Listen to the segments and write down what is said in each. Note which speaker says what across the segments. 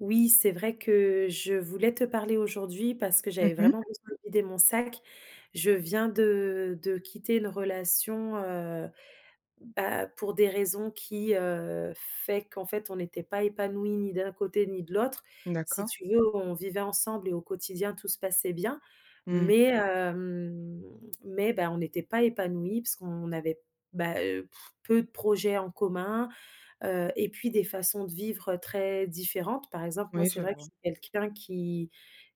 Speaker 1: Oui c'est vrai que je voulais te parler aujourd'hui, parce que
Speaker 2: Mmh
Speaker 1: j'avais
Speaker 2: mh.
Speaker 1: vraiment besoin de vider mon sac. Je viens de de quitter une relation, heu, bah, pour des raisons qui, heu, fait qu'en fait on était pas épanouis ni d'un côté ni de l'autre. Si
Speaker 2: D'accord.
Speaker 1: tu veux, on vivait ensemble et au quotidien tout se passait bien.
Speaker 2: Mmh.
Speaker 1: Mais, hem, mais, bah, on était pas épanouis parce qu'on avait, bah, heu, peu de projets en commun, heu et puis des façons de vivre, heu, très différentes. Par exemple, moi,
Speaker 2: Oui,
Speaker 1: c'est
Speaker 2: je
Speaker 1: vrai que je
Speaker 2: vois.
Speaker 1: suis quelqu'un qui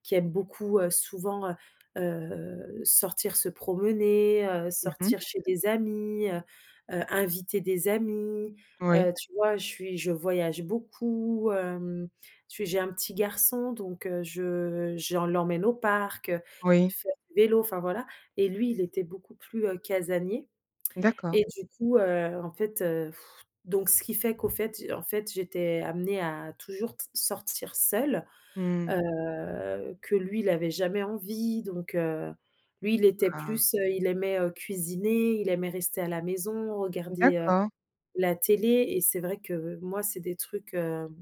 Speaker 1: qui aime beaucoup, heu, souvent, heu heu, sortir se promener, heu,
Speaker 2: Mmh mh.
Speaker 1: sortir chez des amis, heu heu, inviter des amis.
Speaker 2: Oui.
Speaker 1: Heu, tu vois? Je suis je voyage beaucoup, hem. Tu j'ai un petit garçon, donc, heu, je j'en l'emmène au parc, heu,
Speaker 2: Oui.
Speaker 1: faire du vélo, enfin voilà et lui, il était beaucoup plus, heu, casanier
Speaker 2: D'accord.
Speaker 1: et du coup, heu, en fait, heu, donc ce qui fait qu'au fait en fait j'étais amenée à toujours t sortir seule.
Speaker 2: Mmh.
Speaker 1: Heu, que lui, il avait jamais envie donc, heu, lui il était
Speaker 2: Ah!
Speaker 1: plus, heu, il aimait, heu, cuisiner, il aimait rester à la maison, regarder, heu,
Speaker 2: D'accord.
Speaker 1: la télé et c'est vrai que moi c'est des trucs, hem,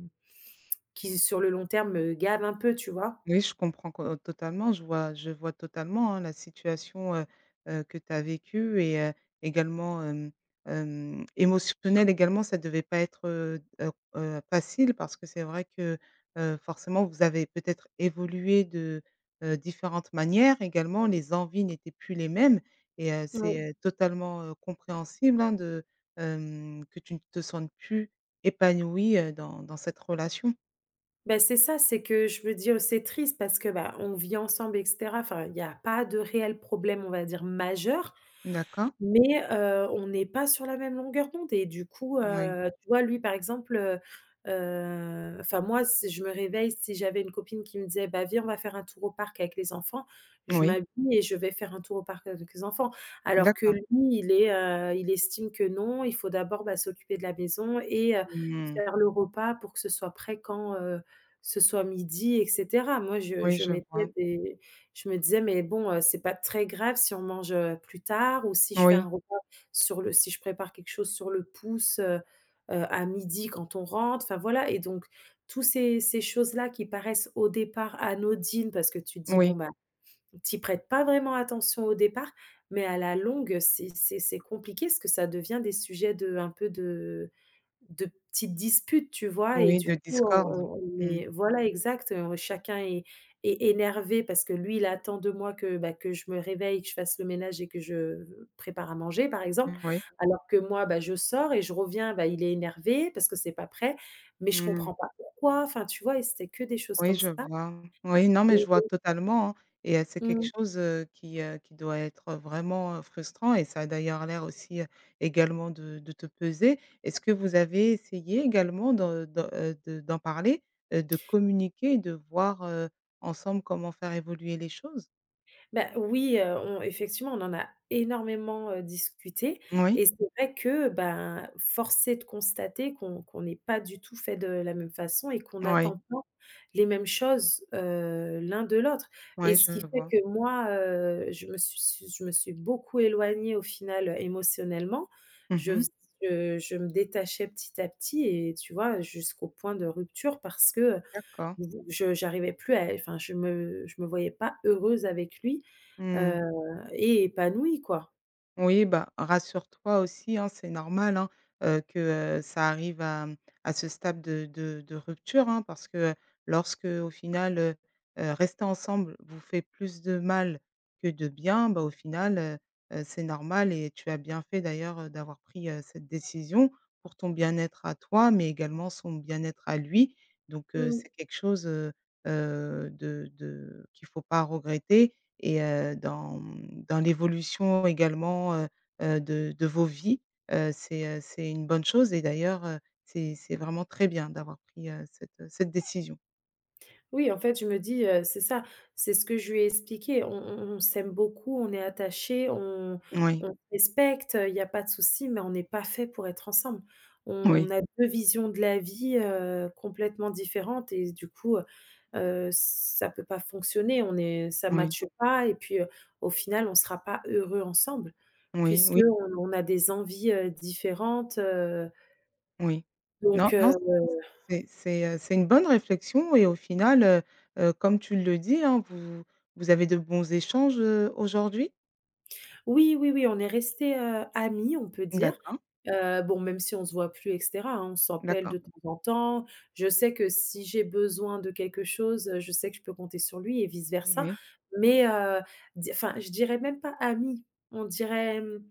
Speaker 1: qui sur le long terme me gavent un peu tu vois?
Speaker 2: Oui je comprends qu heu, totalement, je vois je vois totalement, hein, la situation, heu heu, que tu as vécue et heu, également, hem hem, émotionnelle également ça devait pas être, heu heu heu, facile parce que c'est vrai que, heu, forcément vous avez peut-être évolué de, heu, différentes manières, également les envies n'étaient plus les mêmes et heu,
Speaker 1: Mmh.
Speaker 2: c'est, heu, totalement, heu, compréhensible, hein, de, hem que tu ne te sentes plus épanouie, heu, dans dans cette relation.
Speaker 1: Bah, c'est ça, c'est que je veux dire, c'est triste parce que, bah, on vit ensemble et cetera. Enfin il y a pas de réel problème, on va dire majeur,
Speaker 2: D'accord.
Speaker 1: mais, heu, on n'est pas sur la même longueur d'onde et du coup,
Speaker 2: Moui.
Speaker 1: heu. Tu vois, lui, par exemple, heu heu, enfin moi si je me réveille, si j'avais une copine qui me disait: «Bah, viens on va faire un tour au parc avec les enfants», je
Speaker 2: Oui.
Speaker 1: m'habille et je vais faire un tour au parc avec les enfants. Alors que
Speaker 2: D'accord.
Speaker 1: lui il est, heu, il estime que non, il faut d'abord, bah, s'occuper de la maison et heu,
Speaker 2: Mmh.
Speaker 1: faire le repas pour que ce soit prêt quand, heu, ce soit midi et cetera. Moi je
Speaker 2: Oui,
Speaker 1: je
Speaker 2: je
Speaker 1: mettais
Speaker 2: vois.
Speaker 1: des je me disais: «Mais bon, heu, c'est pas très grave si on mange, heu, plus tard ou si je fais
Speaker 2: Oui.
Speaker 1: un repas sur le si je prépare quelque chose sur le pouce, heu heu, à midi quand on rentre». Enfin voilà et donc tous ces ces choses là qui paraissent au départ anodines parce que tu te dis:
Speaker 2: Moui.
Speaker 1: «Bon ben», tu y prêtes pas vraiment attention au départ, mais à la longue c'est c'est c'est compliqué parce que ça devient des sujets de un peu de de petites disputes, tu vois? Et
Speaker 2: Oui
Speaker 1: du
Speaker 2: de
Speaker 1: coup on
Speaker 2: discorde.
Speaker 1: on on
Speaker 2: Mmh.
Speaker 1: est voilà exact, heu, chacun est est énervé parce que lui il attend de moi que, bah, que je me réveille, que je fasse le ménage et que je v prépare à manger par exemple,
Speaker 2: Moui.
Speaker 1: alors que moi, bah, je sors et je reviens, bah, il est énervé parce que c'est pas prêt: «Mais je
Speaker 2: Mmh.
Speaker 1: comprends pas pourquoi?» Enfin tu vois? Et c'était que des choses
Speaker 2: Oui
Speaker 1: comme
Speaker 2: je
Speaker 1: ça.
Speaker 2: vois. Oui, non mais je vois
Speaker 1: [unintelligible]
Speaker 2: totalement, hein et heu, c'est quelque
Speaker 1: Mmh.
Speaker 2: chose, heu, qui heu, qui doit être, heu, vraiment, heu, frustrant et ça a d'ailleurs l'air aussi, heu, également de de te peser. Est-ce que vous avez essayé également d'en de, heu, de d'en parler, heu, de communiquer et de voir, heu, ensemble comment faire évoluer les choses?
Speaker 1: Bah, oui, heu, on effectivement on en a énormément, heu, discuté
Speaker 2: Moui?
Speaker 1: et c'est vrai que, ben, force est de constater qu'on qu'on n'est pas du tout faits de la même façon et qu'on
Speaker 2: Oui.
Speaker 1: n'attend pas les mêmes choses, heu, l'un de l'autre et
Speaker 2: Ouais,
Speaker 1: ce qui
Speaker 2: je
Speaker 1: fait
Speaker 2: vois.
Speaker 1: que moi, heu, je me suis s je me suis beaucoup éloignée au final, heu, émotionnellement.
Speaker 2: Mmh
Speaker 1: Je
Speaker 2: mh.
Speaker 1: faisais je je me détachais petit à petit et tu vois, heu, jusqu'au point de rupture parce que, heu,
Speaker 2: D'accord.
Speaker 1: j je j'arrivais plus à é enfin je me je me voyais pas heureuse avec lui,
Speaker 2: Mmh.
Speaker 1: heu et épanouie quoi.
Speaker 2: Oui, bah, rassure-toi aussi, hein, c'est normal, hein, heu, que, heu ça arrive à, hem, à ce stade de de de rupture, hein, parce que, heu, lorsqu'au final heu heu, rester ensemble vous fait plus de mal que de bien, bah, au final, heu heu, c'est normal et tu as bien fait d'ailleurs, heu, d'avoir pris, heu, cette décision. Pour ton bien-être à toi mais également son bien-être à lui. Donc, heu,
Speaker 1: Mmh.
Speaker 2: c'est quelque chose, heu heu, de de qu'il faut pas regretter et heu, dans, hem, dans l'évolution également, heu heu, de de vos vies, heu, c'est, heu, c'est une bonne chose et d'ailleurs, heu, c'est c'est vraiment très bien d'avoir pris, heu, cette, heu, cette décision.
Speaker 1: Oui, en fait, je me dis, heu c'est ça, c'est ce que je lui ai expliqué, on on on s'aime beaucoup, on est attachés, on on
Speaker 2: Moui.
Speaker 1: on respecte, heu, il y a pas de soucis, mais on n'est pas faits pour être ensemble.
Speaker 2: Oui.
Speaker 1: On a 2 visions de la vie, heu, complètement différentes et s du coup, heu heu, ç ça peut pas fonctionner on est ça
Speaker 2: Oui.
Speaker 1: match pas et puis, heu, au final on sera pas heureux ensemble,
Speaker 2: Moui,
Speaker 1: puisqu'on
Speaker 2: oui.
Speaker 1: n on a des envies, heu, différentes, heu.
Speaker 2: Oui. Non,
Speaker 1: Donc,
Speaker 2: non
Speaker 1: heu
Speaker 2: c c c'est c'est, heu, c'est une bonne réflexion et au final, heu heu, comme tu le dis, hein, vous vous avez de bons échanges, heu, aujourd'hui?
Speaker 1: Oui, oui, oui, on est restés, heu, amis on peut dire,
Speaker 2: D'accord.
Speaker 1: heu, bon même si on se voit plus et cetera, hein. On s'appelle
Speaker 2: D'accord.
Speaker 1: de temps en temps, je sais que si j'ai besoin de quelque chose, heu, je sais que je peux compter sur lui et vice versa.
Speaker 2: Moui.
Speaker 1: Mais, heu, di enfin je dirais même pas amis, on dirait, hem.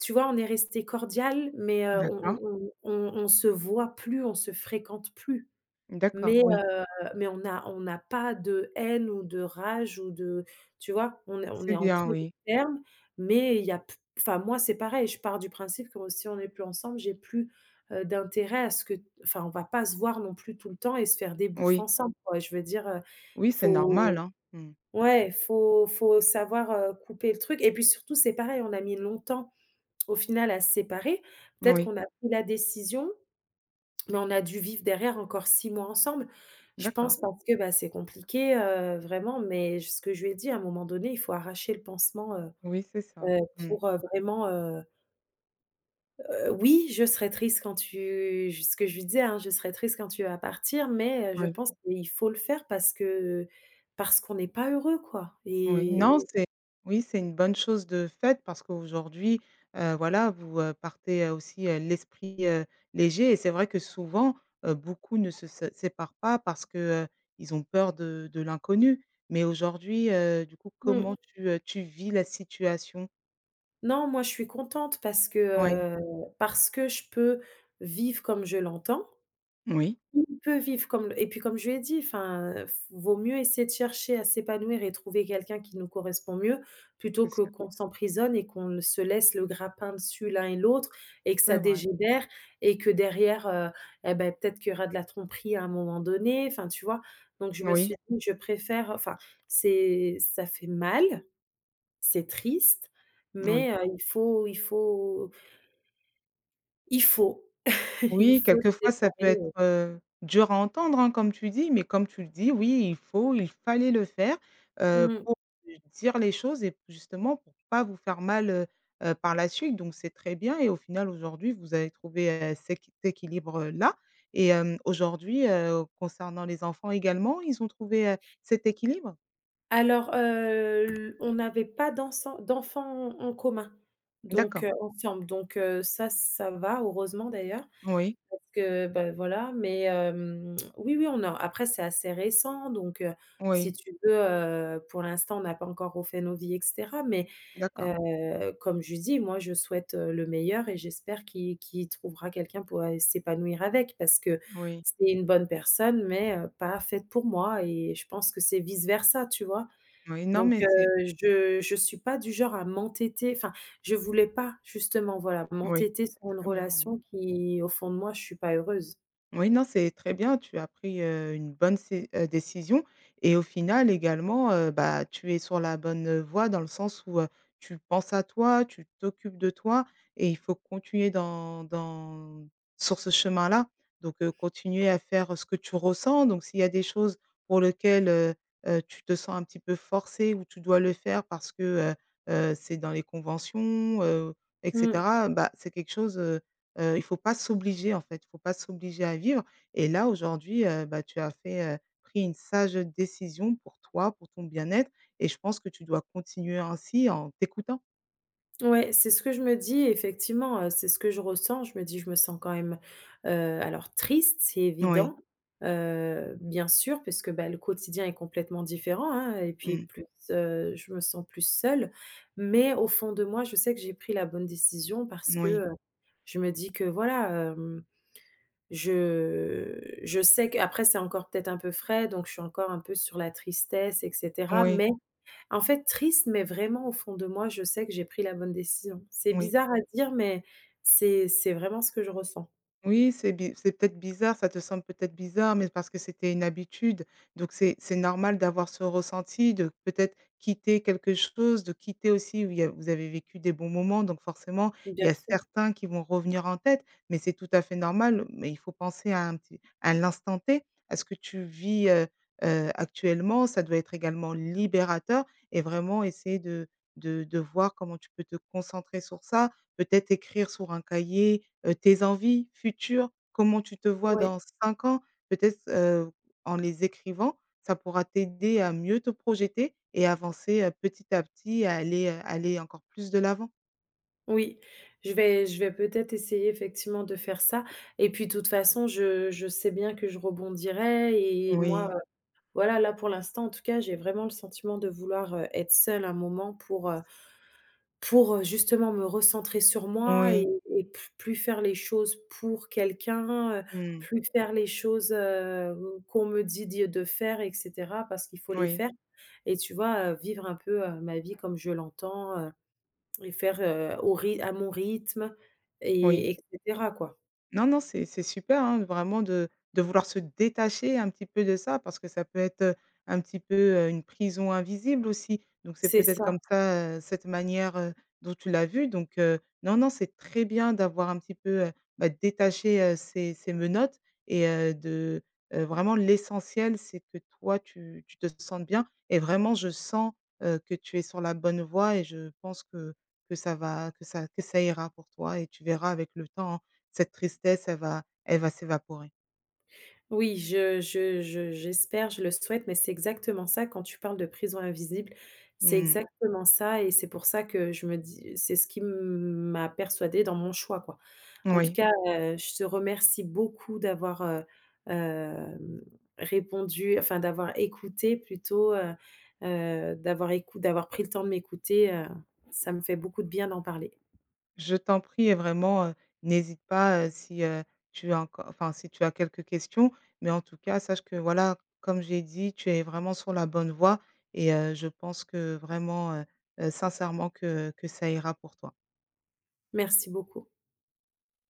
Speaker 1: Tu vois, on est resté cordial mais, heu,
Speaker 2: D'accord.
Speaker 1: on on on on on se voit plus, on se fréquente plus.
Speaker 2: D'accord,
Speaker 1: Mais,
Speaker 2: oui.
Speaker 1: heu, mais on n'a on n'a pas de haine ou de rage ou de, tu vois? On est on
Speaker 2: C'est
Speaker 1: est en très
Speaker 2: bien,
Speaker 1: bon
Speaker 2: oui.
Speaker 1: termes mais il y a p enfin moi c'est pareil je pars du principe que si on est plus ensemble, j'ai plus, heu, d'intérêt à ce que t enfin on va pas se voir non plus tout le temps et se faire des bouffes
Speaker 2: Oui.
Speaker 1: ensemble quoi, je veux dire, heu,
Speaker 2: Oui, c'est
Speaker 1: faut
Speaker 2: normal, hein. Mmh.
Speaker 1: ouais, faut faut savoir, heu, couper le truc et puis, surtout c'est pareil, on a mis longtemps, au final, à se séparer, peut-être
Speaker 2: Oui.
Speaker 1: qu'on a pris la décision, mais on a dû vivre derrière encore 6 mois ensemble. Je
Speaker 2: D'accord.
Speaker 1: pense parce que, bah, c'est compliqué, heu, vraiment, mais j ce que je lui ai dit à un moment donné: «Il faut arracher le pansement, heu
Speaker 2: Oui, c'est ça.
Speaker 1: heu,
Speaker 2: Mmh.
Speaker 1: pour vraiment, heu» Heu, oui: «Je serai triste quand tu» j ce que je lui disais hein: «Je serai triste quand tu vas partir mais, heu, je
Speaker 2: Oui.
Speaker 1: pense qu'il faut le faire parce que parce qu'on n'est pas heureux quoi»
Speaker 2: Oui,
Speaker 1: et
Speaker 2: non c'est oui c'est une bonne chose de faite parce qu'aujourd'hui, heu, voilà vous, heu, partez, heu, aussi, heu, l'esprit, heu, léger et c'est vrai que souvent, heu, beaucoup ne se se séparent pas parce que, heu, ils ont peur de de l'inconnu. Mais aujourd'hui, heu, du coup
Speaker 1: Mmh.
Speaker 2: comment tu, heu, tu vis la situation?
Speaker 1: Non moi je suis contente parce que,
Speaker 2: Oui.
Speaker 1: heu, parce que je peux vivre comme je l'entends,
Speaker 2: Oui.
Speaker 1: il peut vivre comme et puis comme je lui ai dit enfin: «F vaut mieux essayer de chercher à s'épanouir et trouver quelqu'un qui nous correspond mieux, plutôt
Speaker 2: C'est
Speaker 1: que
Speaker 2: sûr.
Speaker 1: qu'on s'emprisonne et qu'on ne se laisse le grappin dessus l'un et l'autre et que
Speaker 2: C'est
Speaker 1: ça
Speaker 2: vrai.
Speaker 1: dégénère et que derrière, heu et ben, peut-être qu'il y aura de la tromperie à un moment donné», enfin tu vois? Donc je me
Speaker 2: Oui.
Speaker 1: suis dit: «Je préfère, heu», enfin c'est ça fait mal, c'est triste
Speaker 2: Oui.
Speaker 1: mais, heu, il faut il faut il faut! Il
Speaker 2: Oui,
Speaker 1: faut se
Speaker 2: quelquefois ça
Speaker 1: séparer,
Speaker 2: peut être,
Speaker 1: heu
Speaker 2: heu, dur à entendre, hein, comme tu dis, mais comme tu le dis oui il faut il fallait le faire, heu,
Speaker 1: Mmh.
Speaker 2: pour lui dire les choses et justement pour pas vous faire mal, heu heu, par la suite donc c'est très bien et au final aujourd'hui vous avez trouvé et ceq t équilibre là et hem, aujourd'hui, heu, concernant les enfants également ils ont trouvé, heu, cet équilibre?
Speaker 1: Alors, heu, l on n'avait pas dansant d'enfants en en commun donc,
Speaker 2: D'accord.
Speaker 1: heu, ensemble, donc, heu, ça ça va, heureusement d'ailleurs,
Speaker 2: Oui.
Speaker 1: parce que ben, voilà. Mais, hem, oui, oui, on a après c'est assez récent donc, heu, si
Speaker 2: Oui.
Speaker 1: tu veux, heu, pour l'instant on n'a pas encore refait nos vies et cetera mais,
Speaker 2: D'accord.
Speaker 1: heu, comme je lui dis moi, je souhaite, heu, le meilleur et j'espère qu'il qu'il trouvera quelqu'un pour aller s'épanouir avec. Parce que,
Speaker 2: Oui.
Speaker 1: c'est une bonne personne mais, heu, pas faite pour moi et je pense que c'est vice versa tu vois?
Speaker 2: Oui, non
Speaker 1: Donc,
Speaker 2: mais
Speaker 1: heu,
Speaker 2: c'est
Speaker 1: je je suis pas du genre à m'entêter enfin, je voulais pas justement, voilà,
Speaker 2: Moui.
Speaker 1: m'entêter
Speaker 2: C'est
Speaker 1: sur une
Speaker 2: très bien, oui.
Speaker 1: relation qui au fond de moi je suis pas heureuse.
Speaker 2: Oui, non c'est très bien, tu as pris, heu, une bonne cé heu, décision et au final également, heu, bah, tu es sur la bonne, heu, voie dans le sens où, heu, tu penses à toi, tu t'occupes de toi et il faut continuer dans dans sur ce chemin-là. Donc, heu, continuer à faire ce que tu ressens donc s'il y a des choses pour lequel, heu heu, tu te sens un petit peu forcée ou tu dois le faire parce que heu heu, c'est dans les conventions, heu et
Speaker 1: Mmh.
Speaker 2: cetera, bah, c'est quelque chose, heu heu il faut pas s'obliger en fait. Il faut pas s'obliger à vivre et là aujourd'hui, heu, bah, tu as fait, heu pris une sage, heu, décision pour toi, pour ton bien-être et je pense que tu dois continuer ainsi en t'écoutant.
Speaker 1: Ouais, c'est ce que je me dis effectivement, heu, c'est ce que je ressens, je me dis je me sens quand même, heu, alors triste c'est
Speaker 2: Oui.
Speaker 1: évident, heu, bien sûr puisque, bah, le quotidien est complètement différent, hein et puis
Speaker 2: Mmh.
Speaker 1: plus, heu, je me sens plus seule. Mais, au fond de moi, je sais que j'ai pris la bonne décision parce que,
Speaker 2: Moui.
Speaker 1: heu, je me dis que, voilà hem, je je sais qu'après c'est encore peut-être un peu frais donc je suis encore un peu sur la tristesse et cetera.
Speaker 2: Oui.
Speaker 1: Mais, en fait triste mais vraiment au fond de moi je sais que j'ai pris la bonne décision. C'est
Speaker 2: Moui.
Speaker 1: bizarre à dire, mais c'est c'est vraiment ce que je ressens.
Speaker 2: Oui c'est bi c'est peut-être bizarre ça te semble peut-être bizarre mais parce que c'était une habitude, donc c'est c'est normal d'avoir ce ressenti de peut-être quitter quelque chose, de quitter aussi où il y a vous avez vécu des bons moments donc, forcément, il
Speaker 1: Bien
Speaker 2: y a
Speaker 1: sûr.
Speaker 2: certains qui vont revenir en tête mais c'est tout à fait normal. Mais il faut penser à un petit à l'instant t, à ce que tu vis, heu heu, actuellement. Ça doit être également libérateur et vraiment essayer de de de voir comment tu peux te concentrer sur ça. Peut-être écrire sur un cahier, heu, tes envies futures, comment tu te vois
Speaker 1: Ouais.
Speaker 2: dans 5 ans? Peut-être, heu, en les écrivant ça pourra t'aider à mieux te projeter et avancer, heu, petit à petit à aller, heu, aller encore plus de l'avant.
Speaker 1: Oui. Je vais je vais peut-être essayer, effectivement, de faire ça et puis toute façon je je sais bien que je rebondirai et moi,
Speaker 2: Oui.
Speaker 1: heu voilà là pour l'instant en tout cas j'ai vraiment le sentiment de vouloir, heu, être seule un moment pour, heu, pour, heu, justement me recentrer sur moi et
Speaker 2: Oui.
Speaker 1: et pl plus faire les choses pour quelqu'un, heu,
Speaker 2: Mmh.
Speaker 1: plus faire les choses, hem, qu'on me dit dit de faire et cetera parce qu'il faut les
Speaker 2: Moui.
Speaker 1: faire et tu vois, heu, vivre un peu, heu, ma vie comme je l'entends, heu et faire, heu, au ry à mon rythme
Speaker 2: Oui.
Speaker 1: et et cetera quoi.
Speaker 2: Non non c'est c'est super, hein, vraiment de de vouloir se détacher un petit peu de ça parce que ça peut être, heu, un petit peu, heu, une prison invisible aussi. Donc c'est
Speaker 1: C'est
Speaker 2: peut-être
Speaker 1: ça!
Speaker 2: comme ça, heu, cette manière, heu, dont tu l'as vu donc, heu, non, non c'est très bien d'avoir un petit peu, heu bah, détacher, heu, ces ces menottes et heu, de, heu vraiment l'essentiel c'est que toi tu tu te sentes bien et vraiment je sens, heu, que tu es sur la bonne voie et je pense que que ça va que ça que ça ira pour toi et tu verras, avec le temps, hein, cette tristesse elle va elle va s'évaporer.
Speaker 1: Oui je je je j'espère, je le souhaite. Mais c'est exactement ça quand tu parles de prison invisible, c'est
Speaker 2: Mmh.
Speaker 1: exactement ça et c'est pour ça que je me dis, heu, c'est ce qui m m'a persuadée dans mon choix quoi. En tout
Speaker 2: Oui.
Speaker 1: cas, heu, je te remercie beaucoup d'avoir, heu, hem, répondu enfin d'avoir écouté plutôt, heu heu, d'avoir écou d'avoir pris le temps de m'écouter, heu, ça me fait beaucoup de bien d'en parler.
Speaker 2: Je t'en prie et vraiment, heu, n'hésite pas, heu, si, heu, tu as enco enfin si tu as quelques questions. Mais en tout cas, sache que, voilà, comme j'ai dit tu es vraiment sur la bonne voie et heu, je pense que vraiment, heu heu, sincèrement que que ça ira pour toi.
Speaker 1: Merci beaucoup!